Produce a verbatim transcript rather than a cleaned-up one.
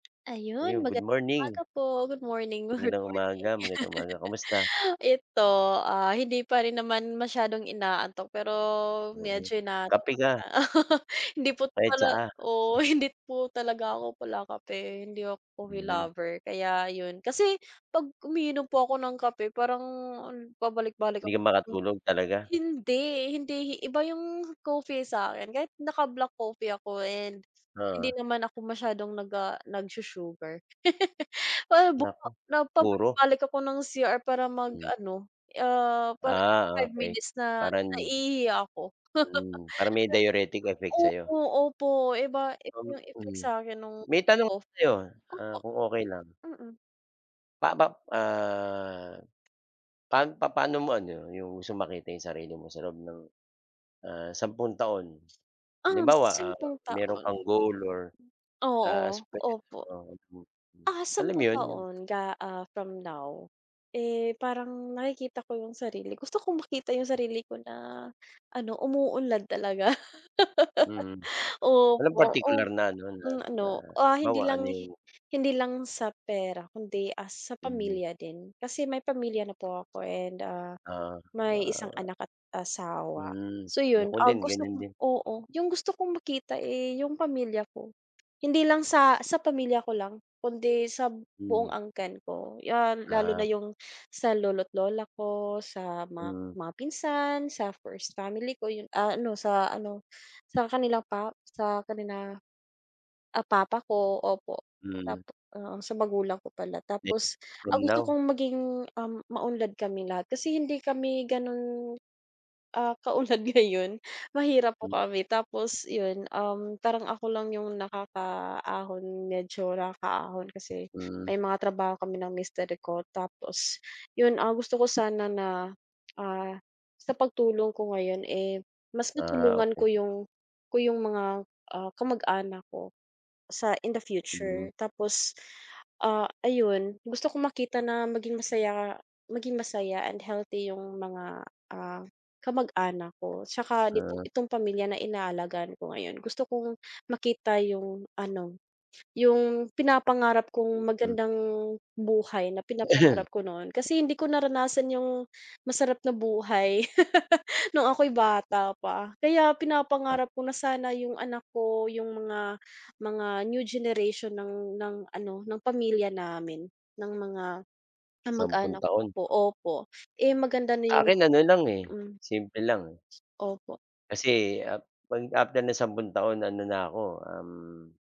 Yun, Ayun, good magandang morning. umaga po. Good morning, good Magandang umaga. morning. Magandang umaga, kumusta? 'Eto, ah, hindi pa rin naman masyadong inaantok, pero Mm, medyo inaantok kape ako. ka. Hindi po Ay, pala tsaa. oo, hindi po talaga ako palakape, hindi ako coffee Mm. lover kaya ayun. Kasi 'pag umiinom po ako ng kape parang pabalik-balik ako. Hindi ka makatulog, talaga? Hindi, hindi iba yung coffee sa'kin kahit naka-black coffee ako and hindi Oo. naman ako masyadong nag, ah, nag-sugar. Na, ah, buma Naku, puro? pabalik-balik ako ng C-R para mag Mm. ano, ah, parang Ah, five okey. minutes na Parang naiihi ako. Hmm, parang may diuretic effect sa'yo. Opo, opo. Iba, iba, iba yung effect Mm. sa'kin nung May tanong ako cof sa'yo, ah, opo, kung okey lang. mm. Papa ah, pa paano mo ano, yung gusto makita yung sarili mo sa loob ng, ah, sampung taon. Ah, Halimbawa, ah, sampung meron taon. kang goal or Oo, opo. [unintelligible] mm, Ah, alam sampung yun, yung taon ga ah, from now. Eh, parang nakikita ko yung sarili gusto kong makita yung sarili ko na ano, umuunlad talaga. Mm. Walang Opo, partikular opo, na ano, na mm na ano, ah, halimbawa hindi lang ano yung hindi lang sa pera kundi, ah, sa Mm. pamilya din. Kasi may pamilya na po ako and, ah, Oo, may isang ah. anak at asawa. Hmm, So, ako yun, ah, din gusto ganyan ko din. oo, yung gusto kong makita, eh, yung pamilya ko. Hindi lang sa sa pamilya ko lang kundi sa Hmm. buong angkan ko 'yan, lalo na Ah. yung sa lolo't lola ko, sa ma Hmm. mga pinsan, sa first family ko, yung, ah, ano, sa ano, sa kanilang pa sa kanila, ah, papa ko opo. Tap Hmm. oo, sa magulang ko pala. Tapos [unintelligible] from ang gusto now. kong maging, um, maunlad kaming lahat kasi hindi kami ganun, ah, katulad ngayon. Mahirap po M kami tapos yun, um, parang ako lang yung nakakaahon, medyo nakakaahon kasi Hmm. may mga trabaho kami ng mister ko tapos yun, ah, gusto ko sana na, ah, sa pagtulong ko ngayon, eh, mas Ah, natulungan ko okey. yung ko yung mga ah, kamag-anak ko sa in the future. Mm. Tapos, ah, ayun, gusto kong makita na maging masaya maging masaya and healthy yung mga, ah, kamag-anak ko tsaka ito Ah. itong pamilya na inaalagaan ko ngayon. Gusto kong makita yung ano, yung pinapangarap kong Mm. magandang buhay na pinapangarap ko noon. Kasi hindi ko naranasan yung masarap na buhay nung ako'y bata pa. Kaya Ah. pinapangarap ko na sana yung anak ko, yung mga mga new generation ng ng ano, ng pamilya namin, ng mga Sampung kamag-anak ko taon. po, opo, eh, maganda na Sa yung akin ano lang, eh, mm. simple lang. Opo. Kasi, ah, mag after ng sampung taon ano na ako, um